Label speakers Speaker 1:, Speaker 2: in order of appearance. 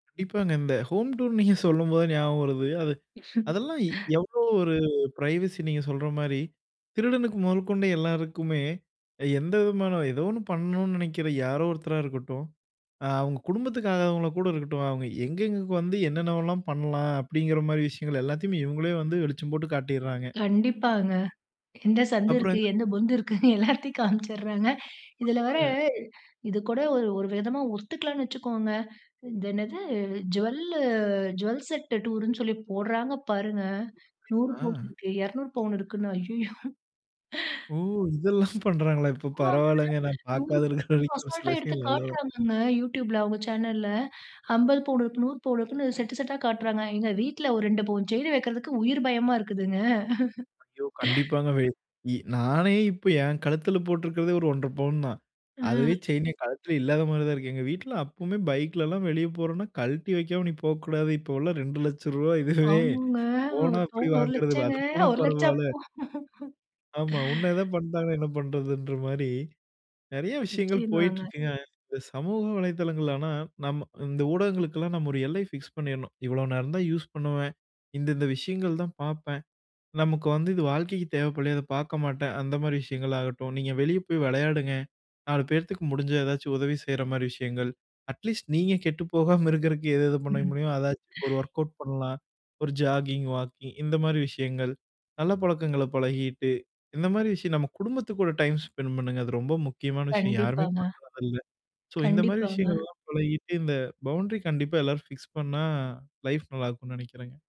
Speaker 1: கண்டிப்பாங்க, இந்த ஹோம் டூர்ன்னு நீங்க சொல்லும்போது ஞாபகம் வருது, அது அதெல்லாம் இ எவ்ளோ ஒரு பிரைவசி நீங்க சொல்ற மாரி. திருடனுக்கு மொதல் கொண்ட எல்லாருக்குமே, எந்த விதமான ஏதோ ஒண்ணு பண்ணணும்னு நினைக்கிற யாரோ ஒருத்தரா இருக்கட்டும், அ, அவங்க குடும்பத்துக்கு ஆகாதவங்கள கூட இருக்கட்டும், அவங்க எங்கெங்க வந்து, என்னென்னவெல்லாம் பண்ணலாம், அப்டிங்கிற மாரி விஷயங்கள் எல்லாத்தையுமே இவங்களே வந்து வெளிச்சம் போட்டு காட்டிறாங்க.
Speaker 2: கண்டிப்பாங்க. எந்த சந்து
Speaker 1: அப்பறம்
Speaker 2: இருக்கு,
Speaker 1: என்ன?
Speaker 2: எந்த பொந்து இருக்குன்னு எல்லாத்தையும் காம்ச்சறாங்க இதில வேற
Speaker 1: ஆமாங்க.
Speaker 2: இது கூட ஒரு ஒரு விதமா ஒத்துக்கலாம்னு வச்சுக்கோங்க, இது என்னது ஜுவலு ஜுவல் செட் டூருன்னு சொல்லி போட்றாங்க பாருங்க
Speaker 1: ஓ!
Speaker 2: 100
Speaker 1: இப்டியுமா?
Speaker 2: பவுனு இருக்கு 200 பவுனு இருக்குன்னு. ஐயயோ.
Speaker 1: ஓ! இதெல்லாம் பண்றாங்களா இப்போ,
Speaker 2: ஆமாங்க,
Speaker 1: பரவாலங்க நான்
Speaker 2: 100
Speaker 1: பாக்காத
Speaker 2: பவுனு
Speaker 1: இருக்கிற வரைக்கும் ஒரு சில
Speaker 2: அசால்டா எடுத்து
Speaker 1: விஷயங்கள் நல்லது
Speaker 2: காட்டுறாங்கங்க, YouTubeல அவங்க சேனல்ல 50 பவுனு இருக்கு 100 பவுனு இருக்குன்னு செட் செட்டா காட்டுறாங்க. எங்க வீட்ல ஒரு 2 பவுன் செயின் வெக்கிறதுக்கு உயிர் பயமா இருக்குதுங்க.
Speaker 1: ஐயோ! கண்டிப்பாங்க. வே இ நானே இப்போ என் கழுத்தில போட்டிருக்கிறதே ஒரு 1.5 பவுன் தான். அதுவே
Speaker 2: ம்.
Speaker 1: செயின் என் கழுத்தில இல்லாத மாரி தான் இருக்கு. எங்க வீட்ல அப்போமே பைக்லல்லாம் வெளியே போறோம்ன்னா கழட்டி வைக்காம நீ போக்கூடாது. இப்போலா ரூ. 2,00,000 இதுவே,
Speaker 2: ஆமாங்க, 1
Speaker 1: போனா எப்டி
Speaker 2: பவுனு ஒரு
Speaker 1: வாங்குறது,
Speaker 2: லட்சங்க,
Speaker 1: அது போனா
Speaker 2: 1,00,000
Speaker 1: பரவால்ல.
Speaker 2: அப்போ
Speaker 1: ஆமா, உன்ன எதா பண்டாங்கண்ணா என்ன பண்றதுன்ற மாரி, நெறைய விஷயங்கள்
Speaker 2: நிச்சியமாங்க.
Speaker 1: போய்ட்டிருக்குங்க. இந்த சமூக வலைதளங்கள் ஆனா, நம்ம இந்த ஊடகங்களுக்குல்லாம் நாம் ஒரு எல்லை ஃபிக்ஸ் பண்ணிறணும். இவ்ளோ நேரம் தான் யூஸ் பண்ணுவேன். இந்த இந்த விஷயங்கள் தான் பாப்பேன். நமக்கு வந்து இது வாழ்க்கைக்கு தேவைப்படலயா, அத பாக்க மாட்டேன் அந்த மாரி விஷயங்கள் ஆகட்டும் நீங்க வெளியே போய் வெளையாடுங்க, 4 பேர்த்துக்கு முடிஞ்சா எதாச்சு உதவி செய்ற மாரி விஷயங்கள். அட்லீஸ்ட் நீங்க கெட்டு போகாம இருக்கிறதுக்கு எது எது பண்ண
Speaker 2: ம்.
Speaker 1: முடியும் அதாச்சும் ஒரு வொர்க்கவுட் பண்ணலாம். ஒரு ஜாகிங், வாக்கிங் இந்த மாரி விஷயங்கள், நல்ல பழக்கங்கள பழகிட்டு. இந்த மாரி விஷயம் நம்ம குடும்பத்து கூட டைம் ஸ்பெண்ட் பண்ணுங்க. அது ரொம்ப முக்கியமான விஷயம் யாருமே
Speaker 2: கண்டிப்பாங்க,
Speaker 1: பண்ணுறதில்ல. ஸோ இந்த மாரி
Speaker 2: கண்டிப்பாங்க.
Speaker 1: விஷயங்கள்லாம் பழகிட்டு, இந்த பவுன்டரி கண்டிப்பா எல்லாரும் ஃபிக்ஸ் பண்ணா லைஃப் நல்லாருக்கும்னு நெனைக்கிறேங்க.